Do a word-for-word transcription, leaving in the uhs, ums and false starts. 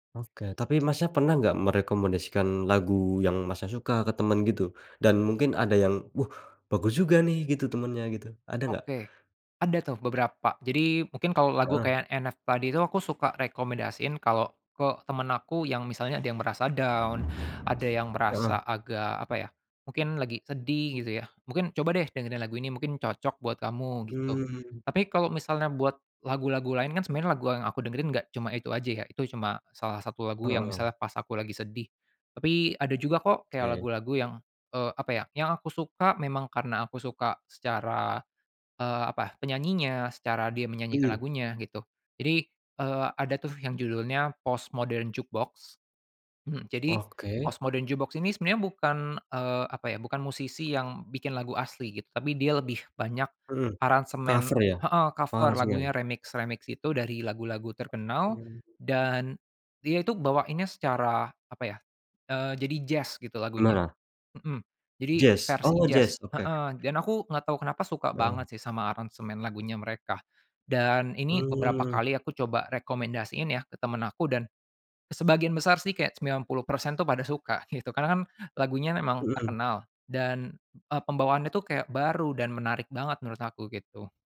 Oke, tapi Masnya pernah gak merekomendasikan lagu yang Masnya suka ke temen gitu? Dan mungkin ada yang, wuh bagus juga nih gitu temennya gitu. Ada gak? Oke, ada tuh beberapa. Jadi mungkin kalau lagu Heeh. kayak NF padi itu aku suka rekomendasiin kalau ke temen aku yang misalnya ada yang merasa down, ada yang merasa Heeh. agak apa ya, mungkin lagi sedih gitu ya, mungkin coba deh dengerin lagu ini mungkin cocok buat kamu, gitu, Mmm. tapi kalau misalnya buat lagu-lagu lain kan sebenarnya lagu yang aku dengerin enggak cuma itu aja ya, itu cuma salah satu lagu yang Heeh. misalnya pas aku lagi sedih. Tapi ada juga kok kayak Oke. lagu-lagu yang, eee, apa ya, yang aku suka memang karena aku suka secara, eee, apa, penyanyinya, secara dia menyanyikan Mmm. lagunya gitu. Jadi, eee, ada tuh yang judulnya Postmodern Jukebox. Mhm, jadi Oke. Postmodern Jukebox ini sebenarnya bukan, eee, apa ya, bukan musisi yang bikin lagu asli gitu, tapi dia lebih banyak Mhm, aransemen cover ya, heeh cover aransemen. lagunya remix-remix gitu dari lagu-lagu terkenal, [unintelligible] dan dia itu bawainnya secara apa ya, eee, jadi jazz gitu lagunya. Menara? Mhm, jadi Jazz? versi Oh jazz. jazz, oke. Heeh dan aku nggak tahu kenapa suka Oh. banget sih sama aransemen lagunya mereka, dan ini beberapa Mmm. kali aku coba rekomendasiin ya ke temen aku, dan sebagian besar sih kayak sembilan puluh persen tuh pada suka gitu, karena kan lagunya memang Mhm. terkenal dan, eee, pembawaannya itu kayak baru dan menarik banget menurut aku gitu.